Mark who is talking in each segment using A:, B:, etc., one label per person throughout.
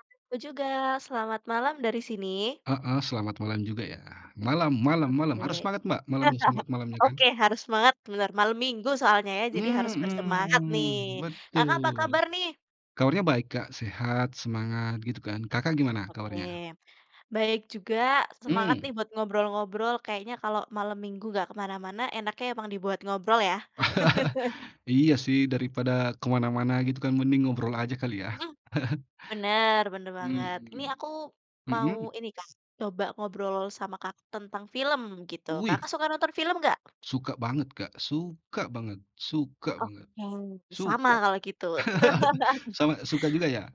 A: [unintelligible] Juga. Selamat malam dari sini.
B: Heeh, selamat malam juga ya. Malam malam malam, harus
A: Oke.
B: semangat Mbak malamnya, selamat malamnya kan.
A: Oke, harus semangat, bener. Malam minggu soalnya ya, jadi harus bersemangat nih.
B: Mhm,
A: Kakak, apa
B: betul.
A: kabar nih?
B: Kabarnya baik Kak, sehat, semangat, gitu kan. Kakak gimana
A: Oke,
B: kabarnya?
A: baik juga, semangat
B: Hmm.
A: nih buat ngobrol-ngobrol. Kayaknya kalau malam Minggu nggak ke mana-mana, enaknya emang dibuat ngobrol ya?
B: Iya sih, daripada ke mana-mana gitu kan, mending ngobrol aja kali ya?
A: Mhm. Bener bener banget. Ini
B: Mhm.
A: aku mau
B: Mhm?
A: ini Kak, coba ngobrol sama Kakak tentang film gitu. Kakak
B: Wih.
A: suka nonton film nggak?
B: Suka banget, Kak. Suka banget suka banget.
A: Oke, sama
B: Suka.
A: kalau gitu.
B: Sama suka juga ya?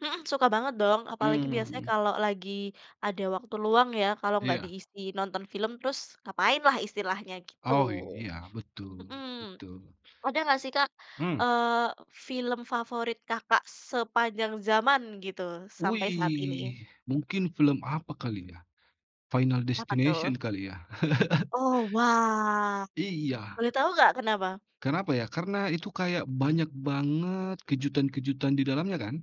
A: Mhm, suka banget dong, apalagi biasanya
B: Hmm.
A: kalau lagi ada waktu luang ya, kalau enggak
B: Iya.
A: diisi nonton film terus ngapainlah istilahnya gitu.
B: Oh, iya, betul,
A: Mhm.
B: betul.
A: Ada nggak sih Kak,
B: Hmm?
A: eee, film favorit Kakak sepanjang zaman gitu sampai saat ini?
B: Wih, mungkin film apa kali ya, Final
A: Apa tuh?
B: Destination kali ya?
A: Oh, wah.
B: Iya.
A: Boleh tahu nggak kenapa?
B: Kenapa ya, karena itu kayak banyak banget kejutan-kejutan di dalamnya kan.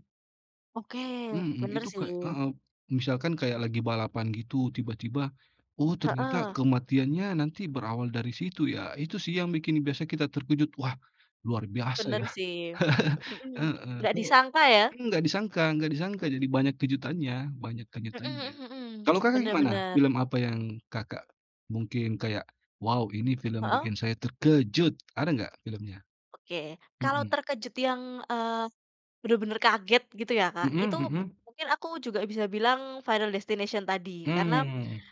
A: Oke.
B: Mhm,
A: Benar
B: itu kayak
A: sih.
B: heeh. Misalkan kayak lagi balapan gitu, tiba-tiba, oh, ternyata
A: Heeh.
B: kematiannya nanti berawal dari situ ya. Itu sih, yang bikin biasa kita terkejut, "Wah, luar biasa ya"
A: Benar sih. Hmm,
B: heeh.
A: nggak
B: Kok
A: disangka ya.
B: enggak disangka enggak disangka, jadi banyak kejutannya banyak
A: Mhm
B: kejutannya.
A: mhm.
B: Kalau Kakak
A: Benar
B: gimana?
A: benar.
B: Film apa yang Kakak mungkin kayak, "wow, ini film
A: Heeh.
B: bikin saya terkejut" ada enggak filmnya?
A: Oke. Kalau
B: Mhm.
A: terkejut yang, eee, benar-benar kaget, gitu ya Kak,
B: Mhm
A: itu,
B: mhm.
A: mungkin aku juga bisa bilang "Final Destination" tadi, karena
B: Mmm.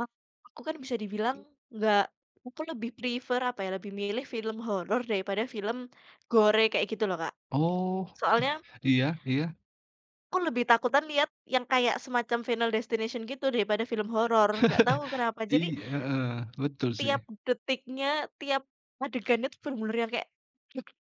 A: a aku, kan, bisa dibilang, enggak, aku lebih prefer, apa ya, lebih milih film horor daripada film gore kayak gitu loh Kak.
B: Oh,
A: Soalnya
B: iya iya.
A: aku lebih takutan lihat yang kayak semacam "Final Destination" gitu daripada film horor, enggak tahu kenapa. Jadi
B: Iya, heeh, betul sih.
A: tiap detiknya, tiap adegannya itu benar-benar yang kayak [unintelligible]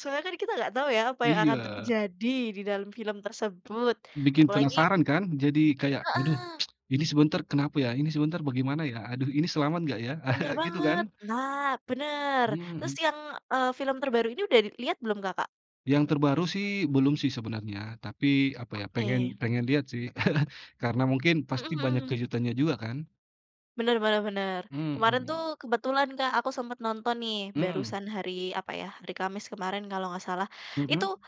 A: soalnya, kan, kita nggak tahu ya, apa yang akan
B: Iya.
A: terjadi di dalam film tersebut.
B: Bikin
A: Apalagi
B: penasaran kan. Jadi kayak, "aduh,
A: Heeh.
B: ini sebentar, kenapa ya ini sebentar bagaimana ya, aduh, ini selamat enggak ya?"
A: Benar
B: gitu
A: banget
B: kan?
A: nah, benar. Terus
B: Hmm.
A: yang, eee, film terbaru ini udah lihat belum Kakak?
B: Yang terbaru sih belum sih sebenarnya, tapi apa ya, pengen
A: Oke.
B: pengen lihat sih. Karena mungkin pasti
A: Mhm
B: banyak
A: mhm.
B: kejutannya juga kan?
A: Bener bener bener. Kemarin
B: Mhm.
A: tuh kebetulan, Kak, aku sempat nonton nih,
B: Mmm.
A: barusan hari apa ya, hari Kamis kemarin kalau nggak salah.
B: Mhm.
A: Itu,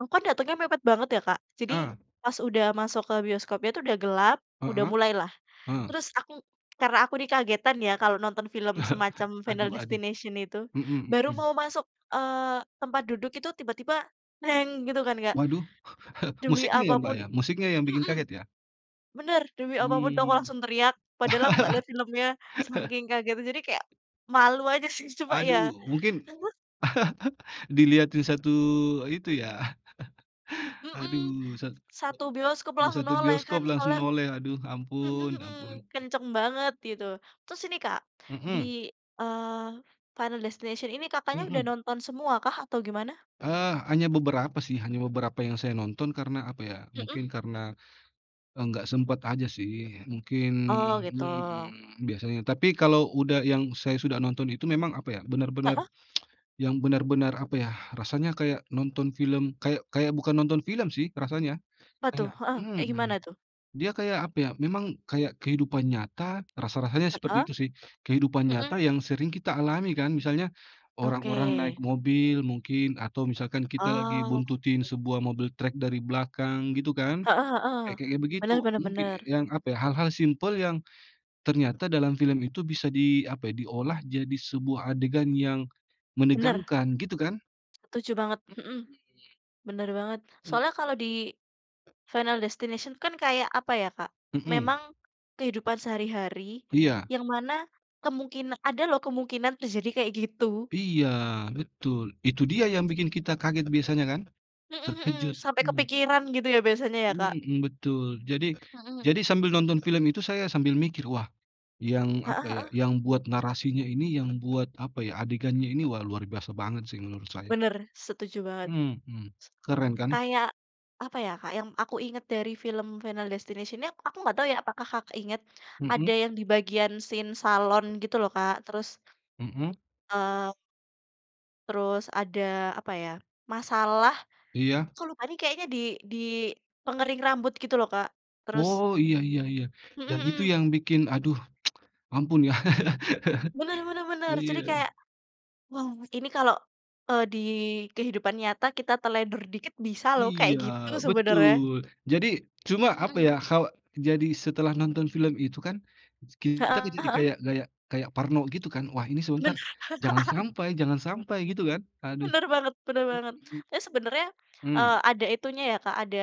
A: aku kan datangnya mepet banget ya, Kak. Jadi
B: Ah.
A: pas udah masuk ke bioskopnya itu udah gelap, udah
B: Heeh,
A: mulailah.
B: eh.
A: Terus aku karena aku nih kagetan ya kalau nonton film semacam Final
B: Aduh aduh.
A: Destination itu,
B: Mhm
A: baru
B: mhm.
A: mau masuk, eee, tempat duduk itu tiba-tiba gitu kan, Kak.
B: Waduh!
A: Demi
B: Musiknya ya, Mbak,
A: apapun
B: ya?
A: i
B: Musiknya yang bikin
A: mhm.
B: kaget ya?
A: Bener, demi apapun itu aku
B: Mmm.
A: langsung teriak, padahal aku nggak lihat filmnya saking kagetnya jadi kayak malu aja sih, cuma ya
B: Aduh, mungkin
A: [unintelligible]
B: dilihatin satu itu ya
A: Mhm,
B: aduh, sat
A: satu bioskop langsung
B: satu
A: noleh kan,
B: bioskop langsung
A: soalnya
B: noleh, aduh,
A: mhm
B: ampun
A: mhm
B: ampun.
A: kenceng banget gitu. Terus ini, Kak,
B: Mhm.
A: di, eee, Final Destination ini Kakaknya udah
B: Mhm.
A: nonton semua kah atau gimana?
B: Eee, hanya beberapa sih, hanya beberapa yang saya nonton karena, apa ya,
A: Mhm.
B: mungkin karena, eee, enggak sempet aja sih, mungkin
A: Oh gitu.
B: mhm, biasanya. Tapi kalau udah yang saya sudah nonton itu memang apa ya, benar-benar
A: Heeh.
B: yang benar-benar apa yah, rasanya kayak nonton film kayak kayak bukan nonton film sih rasanya.
A: Apa tuh?
B: Kayak
A: Heeh, kayak gimana
B: mhm,
A: tuh?
B: dia kayak apa ya, memang kayak kehidupan nyata, rasa-rasanya seperti
A: Heeh,
B: itu sih. Kehidupan
A: mhm.
B: nyata yang sering kita alami kan. Misalnya orang-orang naik
A: Oke.
B: mobil mungkin, atau misalkan kita lagi
A: Oh.
B: buntutin sebuah mobil trek dari belakang, gitu kan.
A: Heeh heeh.
B: Kayak-kayak begitu.
A: Bener bener
B: Mungkin e
A: bener.
B: yang apa ya, hal-hal simpel yang ternyata dalam film itu bisa di apa ya, diolah jadi sebuah adegan yang
A: Bener.
B: menegangkan, gitu kan?
A: Setuju banget, mhm,
B: Mhm.
A: bener banget.
B: Mmm.
A: Soalnya kalau di Final Destination kan kayak apa ya, Kak,
B: Mhm.
A: memang kehidupan sehari-hari
B: Iya.
A: yang mana kemungkina ada loh kemungkinan terjadi kayak gitu.
B: Iya, betul. Itu dia yang bikin kita kaget biasanya kan?
A: Mhm mhm,
B: Terkejut,
A: sampai
B: mmm.
A: kepikiran gitu ya biasanya ya, Kak.
B: Mhm, betul. Jadi
A: Mhm.
B: jadi sambil nonton film itu saya sambil mikir, wah, yang,
A: Heeh
B: apa ya,
A: heeh.
B: yang buat narasinya ini, yang buat apa ya, adegannya ini, wah luar biasa banget sih menurut saya.
A: Bener, setuju banget.
B: Mhm. Keren kan?
A: Kayak apa ya, Kak, ya, yang aku ingat dari film Final Destination ini, aku enggak tahu ya apakah Kakak ingat,
B: Mhm.
A: ada yang di bagian scene salon gitu loh, Kak, terus.
B: Mhm.
A: eee Terus ada apa ya, masalah
B: Iya.
A: kok lupa nih kayaknya di di pengering rambut gitu loh Kak, terus
B: Oh, iya iya iya.
A: Mhm
B: Dan itu
A: mhm.
B: yang bikin, aduh ampun ya.
A: Benar benar benar,
B: Iya.
A: jadi kayak, wow ini kalau e di kehidupan nyata kita teledor dikit bisa loh kayak
B: Iya,
A: gitu sebenarnya.
B: betul. Jadi, cuma
A: Mhm
B: apa
A: mhm.
B: ya, hawa jadi setelah nonton film itu kan, kita
A: Heeh
B: jadi
A: heeh.
B: kayak kayak kayak parno gitu kan? Wah ini sebentar,
A: Benar.
B: jangan sampai jangan sampai gitu kan? Aduh.
A: Benar banget benar banget.
B: Mhm.
A: Tapi sebenarnya,
B: Mmm.
A: eee, ada itunya ya Kak, ada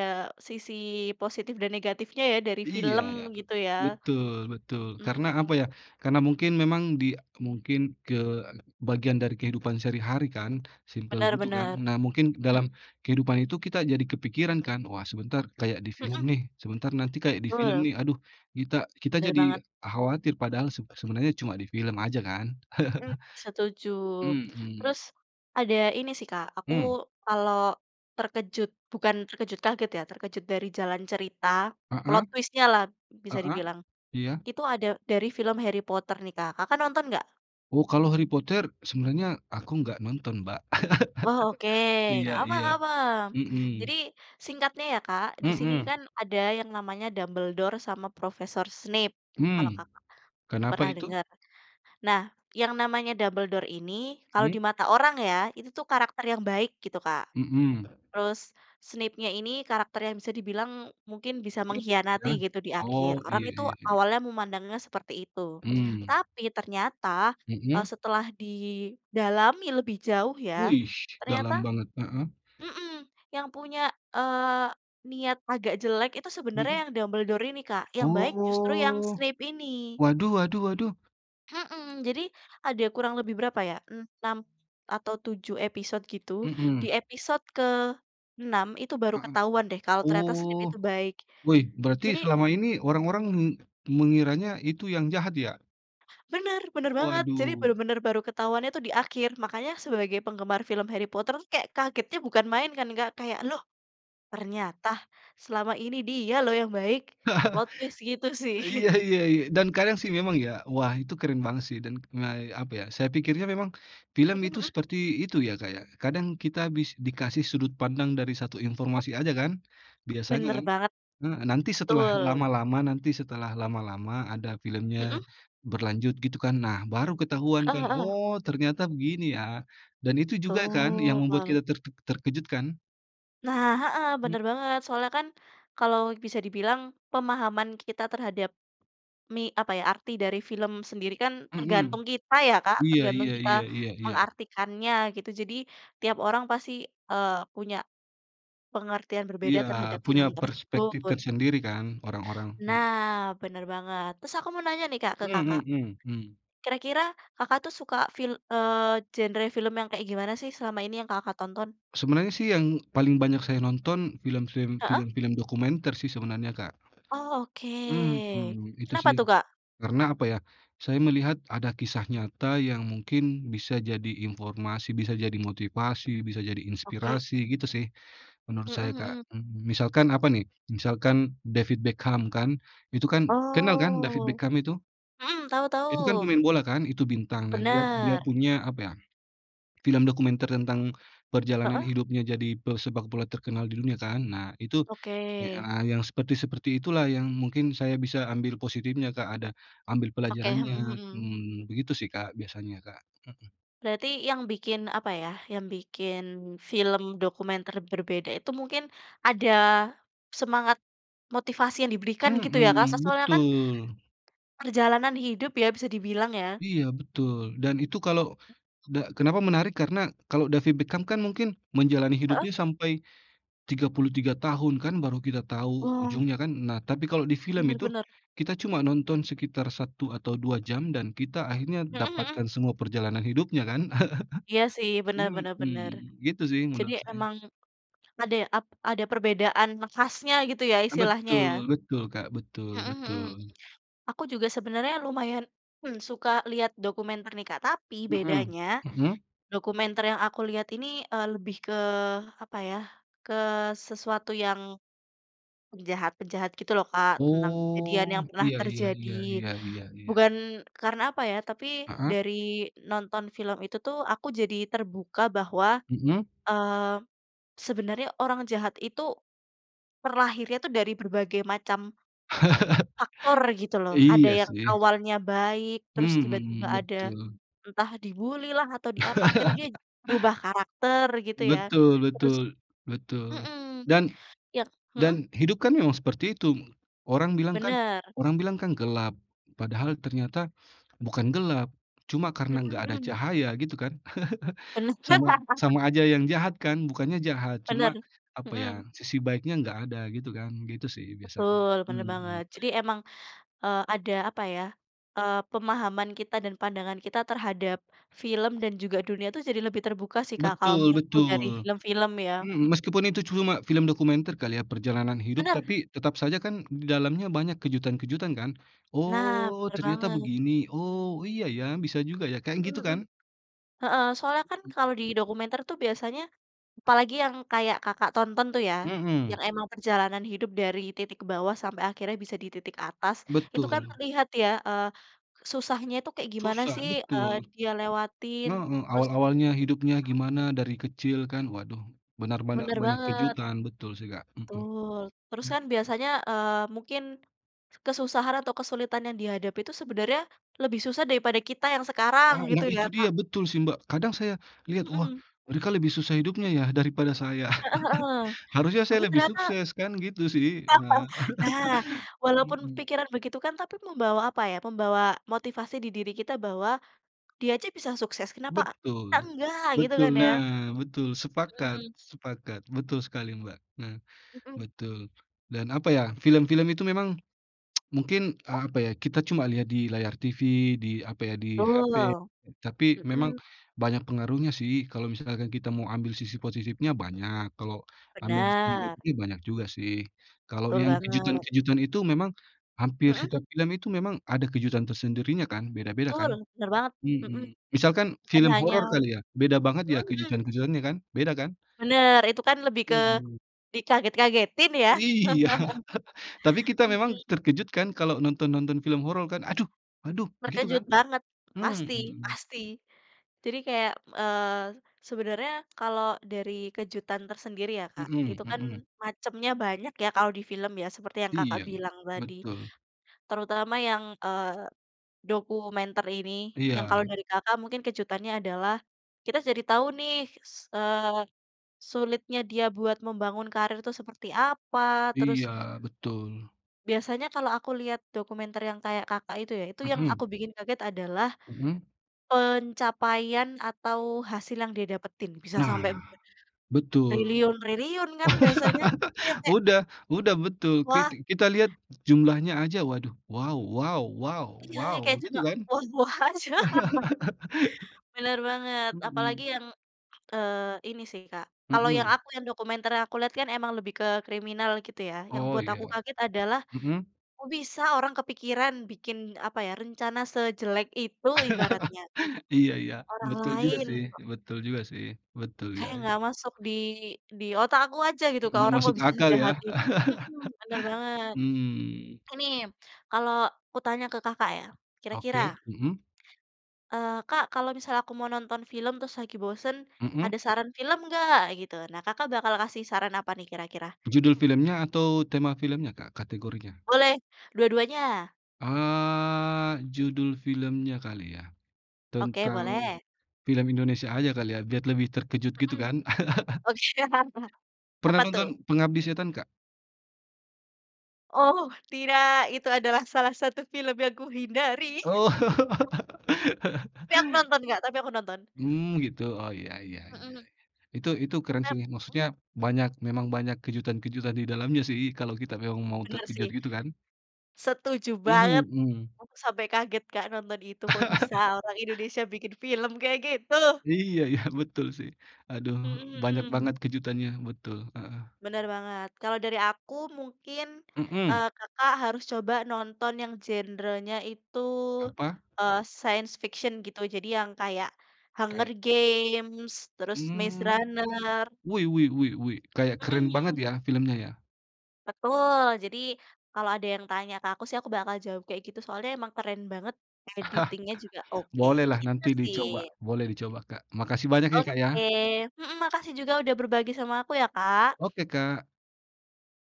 A: sisi positif dan negatifnya ya, dari
B: Iya,
A: film, gitu ya.
B: betul, betul.
A: Mhm.
B: Karena apa ya, karena mungkin memang di mungkin ke bagian dari kehidupan sehari-hari kan, simple
A: Benar
B: gitu kan.
A: benar.
B: Nah mungkin
A: Hmm.
B: dalam kehidupan itu kita jadi kepikiran kan. Wah sebentar, kayak di film
A: Mhm.
B: nih, sebentar nanti kayak di
A: Betul.
B: film nih, aduh, kita kita
A: Bener
B: jadi
A: banget.
B: khawatir, padahal seb sebenarnya cuma di film aja kan.
A: Mhm, setuju.
B: Mhm.
A: Terus, ada ini sih Kak, aku
B: Mmm.
A: kalau terkejut, bukan terkejut kaget ya, terkejut dari jalan cerita,
B: Heeh.
A: plot twist-nya lah, bisa
B: Heeh,
A: dibilang.
B: iya.
A: Itu ada dari film Harry Potter nih Kak, Kakak nonton nggak?
B: Oh, kalau Harry Potter sebenarnya aku enggak nonton, Mbak.
A: Oh oke,
B: Iya
A: enggak apa
B: iya.
A: enggak apa.
B: Mhm.
A: Jadi, singkatnya ya Kak, di sini
B: Mhm.
A: kan, ada yang namanya Dumbledore sama profesor Snape,
B: Mmm.
A: kalau Kakak,
B: Kenapa
A: pernah
B: itu?
A: dengar. Nah, yang namanya Dumbledore ini, kalau
B: Mmm.
A: di mata orang ya, itu tuh karakter yang baik gitu Kak.
B: Mhm.
A: Terus Snapenya ini karakter yang bisa dibilang, mungkin bisa
B: [unintelligible]
A: mengkhianati
B: Ya.
A: gitu di akhir,
B: Oh,
A: orang
B: iya
A: itu
B: iya iya.
A: awalnya memandangnya seperti itu.
B: Mmm.
A: Tapi ternyata, eee,
B: Mhm?
A: setelah didalami lebih jauh ya
B: Wih,
A: ternyata
B: dalam banget. Heeh?
A: mhm, yang punya, eee, niat agak jelek itu sebenernya
B: Mhm.
A: yang Dumbledore ini Kak, yang baik justru yang
B: Oh.
A: Snape ini.
B: Waduh waduh waduh.
A: Mhm, jadi, ada kurang lebih berapa ya, 6 atau 7 episode gitu, di
B: Mhm.
A: episode ke-6 itu baru
B: Heeh.
A: ketahuan deh kalau ternyata Snape
B: Oh.
A: itu baik,
B: Wih, berarti
A: jadi
B: selama ini orang-orang me mengiranya itu yang jahat ya?
A: Benar, benar banget, jadi
B: Waduh.
A: benar-benar baru ketahuannya tuh di akhir. Makanya sebagai penggemar film Harry Potter, kagetnya bukan main kan Kak, kayak, "Loh ternyata selama ini dia loh yang baik," plot twist gitu
B: Iya
A: sih.
B: iya iya, dan kadang sih memang ya. Wah, itu keren banget sih, dan, eee, apa ya, saya pikirnya memang film
A: Mhm
B: itu
A: mhm.
B: seperti itu ya Kak ya, kadang kita bis dikasih sudut pandang dari satu informasi aja kan, biasanya
A: Benar
B: kan.
A: banget.
B: Heeh, nanti setelah
A: Betul.
B: lama-lama nanti setelah lama-lama ada filmnya,
A: Mhm.
B: berlanjut gitu kan, nah baru ketahuan kan,
A: Heeh heeh.
B: oh ternyata begini ya, dan itu juga kan yang membuat
A: Betul.
B: kita ter terkejut kan?
A: Nah, heeh,
B: Mmm.
A: benar banget. Soalnya kan, kalau bisa dibilang pemahaman kita terhadap ni apa ya, arti dari film sendiri kan
B: Mhm.
A: tergantung kita ya, Kak,
B: Iya
A: tergantung
B: iya
A: kita
B: iya iya iya.
A: mengartikannya gitu. Jadi, tiap orang pasti, eee, punya pengertian berbeda
B: Iya,
A: terhadap
B: punya
A: film
B: perspektif
A: tersebut.
B: tersendiri kan, orang-orang, mhm.
A: Nah, bener banget, terus aku mau nanya nih, Kak, ke
B: Mhm
A: Kakak.
B: mhm, mmm.
A: Kira-kira Kakak tuh suka fil eee, genre film yang kayak gimana sih, selama ini yang, Kakak tonton?
B: Sebenarnya sih yang paling banyak saya nonton film-film
A: Heeh.
B: film-film dokumenter sih sebenarnya, Kak.
A: Oh oke.
B: Mhm, itu
A: Kenapa
B: sih.
A: tuh, Kak?
B: Karena apa ya, saya melihat, ada kisah nyata yang mungkin bisa jadi informasi, bisa jadi motivasi, bisa jadi
A: Oke.
B: inspirasi, gitu sih. Menurut
A: Mhm
B: saya, Kak.
A: mhm.
B: Mmm, misalkan apa nih, misalkan David Beckham kan, itu kan kenal kan David
A: Oh,
B: Beckham itu?
A: mhm, tau
B: Itu kan
A: tau.
B: pemain bola kan, Itu bintang. Nah, dia dia
A: Bener.
B: punya apa ya, film dokumenter tentang perjalanan
A: Heeh.
B: hidupnya jadi pesepak bola terkenal di dunia, kan. Nah, itu e
A: Oke.
B: a yang seperti-seperti itulah yang mungkin saya bisa ambil positifnya, Kak, ada ambil
A: Oke, mhm
B: pelajarannya.
A: mhm.
B: Mmm, begitu sih, Kak, biasanya, Kak. Mhm.
A: Berarti yang bikin, apa ya, yang bikin, film dokumenter berbeda itu mungkin ada semangat, motivasi yang diberikan gitu ya, Kak? So
B: Mhm,
A: soalnya kan,
B: betul.
A: perjalanan hidup ya, bisa dibilang ya?
B: Iya, betul. Dan itu kalau, da kenapa menarik, karena kalau David Beckham kan mungkin, menjalani
A: Heeh.
B: hidupnya sampai 33 tahun kan, baru kita tahu
A: Wah.
B: ujungnya kan. Nah, tapi kalau di film
A: Benar
B: itu,
A: benar.
B: kita cuma nonton sekitar 1 atau 2 jam, dan kita akhirnya
A: Mhm mhm.
B: dapatkan semua perjalanan hidupnya kan.
A: Iya sih, benar benar benar.
B: Mhm, gitu sih
A: Jadi
B: menurut saya.
A: emang, ada ap ada perbedaan khasnya gitu ya istilahnya, ya?
B: Betul betul, Kak, betul
A: Mhm mhm.
B: betul.
A: Aku juga sebenarnya lumayan, hmm, suka lihat dokumenter nih, Kak, tapi
B: Mhm,
A: bedanya,
B: Mhm?
A: dokumenter yang aku lihat ini, eee, lebih ke, apa ya, ke sesuatu yang, penjahat-penjahat gitu loh Kak. Tentang kejadian yang
B: Oh,
A: pernah
B: iya iya
A: terjadi.
B: iya iya iya iya.
A: Bukan, karena, apa ya, tapi
B: Heeh.
A: dari nonton film itu tuh, aku jadi terbuka bahwa,
B: Mhm.
A: eee, sebenarnya orang jahat itu, terlahirnya itu dari berbagai macam faktor, gitu loh. Ada
B: Iya
A: yang
B: sih.
A: awalnya baik, terus tiba-tiba
B: Mhm,
A: ada,
B: betul.
A: entah dibuli lah atau diapa, akhirnya dia, berubah karakter, gitu ya,
B: Betul
A: terus
B: betul, betul.
A: mhm,
B: Dan
A: iya, heeh?
B: dan hidup kan memang seperti itu. Orang bilang kan
A: Benar.
B: orang bilang kan gelap. Padahal ternyata, bukan gelap, cuma
A: Mhm
B: karena enggak ada
A: mhm.
B: cahaya, gitu kan.
A: Benar
B: Sama sama aja yang jahat kan, bukannya jahat,
A: Benar,
B: cuma, apa ya,
A: mhm.
B: sisi baiknya enggak ada, gitu kan. Gitu sih biasanya.
A: Betul, benar
B: Mhm.
A: banget. Jadi emang, eee, ada, apa ya, eee, pemahaman kita dan pandangan kita terhadap film dan juga dunia itu jadi lebih terbuka sih, Kak, kalau
B: Betul
A: menurutku dari
B: betul.
A: film-film ya,
B: Mhm,
A: hmm.
B: meskipun itu cuma film dokumenter kali ya, perjalanan hidup,
A: Benar.
B: tapi, tetap saja kan di dalamnya banyak kejutan-kejutan kan.
A: Nah,
B: Oh,
A: benar
B: ternyata
A: banget.
B: begini. Oh, iya ya, bisa juga ya, kayak
A: Mhm
B: gitu
A: mhm.
B: kan?
A: Heeh, soalnya kan,
B: Mhm.
A: kalau di dokumenter itu biasanya, apalagi yang kayak Kakak tonton tuh ya,
B: Mhm.
A: yang emang perjalanan hidup dari titik bawah sampai akhirnya bisa di titik atas, itu kan
B: Betul.
A: terlihat ya, eee, susahnya itu kayak gimana
B: Susah,
A: sih, eee,
B: betul.
A: dia lewatin,
B: Heeh,
A: terus
B: awal-awalnya hidupnya gimana dari kecil kan? Waduh, benar-benar
A: Benar
B: banyak
A: banget.
B: kejutan, betul sih, Kak. Mhm.
A: Betul, terus
B: Mmm
A: kan biasanya, eee, mungkin, kesusahan atau kesulitan yang dihadapi itu sebenarnya, lebih susah daripada kita yang sekarang,
B: Ah,
A: gitu
B: nah,
A: ya,
B: itu dia,
A: Kak.
B: betul sih Mbak. Kadang saya lihat. wah
A: Mhm.
B: mereka lebih susah hidupnya ya, daripada saya.
A: Heeh heeh,
B: Harusnya
A: tapi
B: saya lebih
A: ternyata
B: sukses, kan gitu sih ah.
A: Nah, walaupun
B: Mhm.
A: pikiran begitu kan, tapi membawa apa ya, membawa motivasi di diri kita bahwa, dia aja bisa sukses, kenapa kita
B: Betul,
A: enggak, gitu kan
B: betul.
A: ya?
B: Nah, betul, sepakat,
A: Mhm.
B: sepakat. Betul sekali, Mbak. Nah,
A: Mhm.
B: betul. Dan apa ya, film-film itu memang, mungkin, eee, apa ya, kita cuma lihat di layar TV, di, apa ya, di HP,
A: Betul,
B: tapi memang,
A: mhm.
B: banyak pengaruhnya sih. Kalau misalkan kita mau ambil sisi positifnya banyak, kalau ambil sisi
A: Benar.
B: negatifnya banyak juga sih. Kalau
A: Betul
B: yang
A: banget.
B: kejutan-kejutan itu memang, hampir
A: Mhm.
B: setiap film itu memang, ada kejutan tersendirinya kan. Beda-beda
A: Betul,
B: kan.
A: benar banget. Mhm.
B: Mhm. Misalkan
A: Bukan
B: film
A: hanya
B: horor kali ya, beda banget ya
A: mhm mhm.
B: kejutan-kejutan kan. Beda kan.
A: Benar, itu kan lebih ke,
B: Mhm.
A: dikaget-kagetin ya?
B: Iya, tapi kita memang
A: Mhm.
B: terkejut kan kalau nonton-nonton film horor kan. Aduh aduh, gitu kan.
A: Terkejut banget, pasti
B: Mhm.
A: pasti. Jadi kayak, eee, sebenarnya, kalau dari kejutan tersendiri ya, Kak,
B: Mhm
A: itu kan
B: mhm.
A: macamnya banyak ya, kalau di film ya, seperti yang Kakak
B: Iya,
A: bilang tadi,
B: betul.
A: terutama yang, eee, dokumenter ini, yang
B: Iya.
A: kalau dari Kakak mungkin kejutannya adalah, kita jadi tahu nih, s eee, sulitnya dia buat membangun karir itu seperti apa, terus
B: Iya, betul.
A: Biasanya kalau aku lihat dokumenter yang kayak Kakak itu ya, itu yang aku
B: Mhm.
A: bikin kaget adalah,
B: Mhm.
A: pencapaian atau, hasil yang dia dapetin, bisa sampai
B: Nah,
A: be
B: betul.
A: triliun-triliun kan biasanya, itu yang kayak
B: Udah udah betul. Ki
A: Wah.
B: kita lihat, jumlahnya aja, waduh, wow wow wow
A: Iya,
B: wow,
A: yang kayak
B: gitu
A: cuma,
B: kan?
A: wah wah aja. Benar banget,
B: Mhm.
A: apalagi yang, eee, ini sih, Kak, kalau yang
B: Mhm.
A: aku yang dokumenter yang aku lihat kan memang lebih ke, kriminal, gitu ya. Yang
B: Oh,
A: buat aku
B: iya.
A: kaget adalah,
B: Mhm.
A: kok bisa orang kepikiran, bikin, apa ya, rencana sejelek itu ibaratnya, untuk
B: Iya iya,
A: orang
B: betul juga
A: lain.
B: sih betul juga sih. Betul ya
A: Kayak
B: ya.
A: enggak masuk di di otak aku aja gitu ke
B: Enggak
A: orang
B: masuk
A: kok bisa
B: akal ya?
A: sejahat itu. Mhm, benar banget.
B: Mmm.
A: Ini, kalau aku tanya ke Kakak ya, kira-kira
B: Oke, mhm.
A: eee, Kak, kalau misalnya aku mau nonton film terus lagi bosan, ada
B: Mhm.
A: saran film nggak, gitu. Nah, Kakak bakal kasih saran apa nih kira-kira?
B: Judul filmnya atau, tema filmnya, Kak, kategorinya?
A: Boleh, dua-duanya.
B: Eee, judul filmnya kali ya.
A: Oke,
B: Tentang
A: boleh.
B: film Indonesia aja kali ya, biar lebih terkejut gitu
A: Mhm.
B: kan.
A: [unintelligible]
B: Pernah
A: Apa tuh?
B: nonton Pengabdi Setan, Kak?
A: Oh, tidak! Itu adalah salah satu film yang kuhindari.
B: Oh.
A: Tapi aku nonton, Kak, tapi aku nonton.
B: Mmm, gitu. Oh iya iya
A: Heeh.
B: iya -iya. Itu itu keren sih,
A: Nep mmm?
B: maksudnya banyak memang banyak kejutan-kejutan di dalamnya sih, kalau kita memang mau
A: Benar
B: terkejut
A: sih.
B: gitu kan.
A: Setuju
B: Mmm,
A: banget!
B: mhm.
A: Aku sampai kaget, Kak, nonton itu, kok bisa orang Indonesia bikin film kayak gitu?
B: Iya, ya, betul sih. Aduh,
A: Mhm
B: banyak
A: mhm.
B: banget kejutannya, betul, heeh.
A: Bener banget. Kalau dari aku mungkin,
B: Mhm.
A: eee, Kakak harus coba nonton yang genre-nya itu,
B: Apa?
A: eee, science fiction gitu. Jadi yang kayak Hunger
B: Kayak?
A: Games, terus Maze
B: Hmm.
A: Runner.
B: Wih wih wih wih. Kayak
A: Mhm
B: keren banget
A: mhm.
B: ya filmnya ya.
A: Betul, jadi kalau ada yang tanya ke aku sih, aku bakal jawab kayak gitu. Soalnya emang keren banget, editing-nya juga oke,
B: Bolehlah
A: gitu
B: nanti
A: sih.
B: dicoba. Boleh dicoba, Kak. Makasih banyak ya, Kak, ya.
A: Oke, mhm, makasih juga sudah berbagi sama aku ya, Kak.
B: Oke Kak.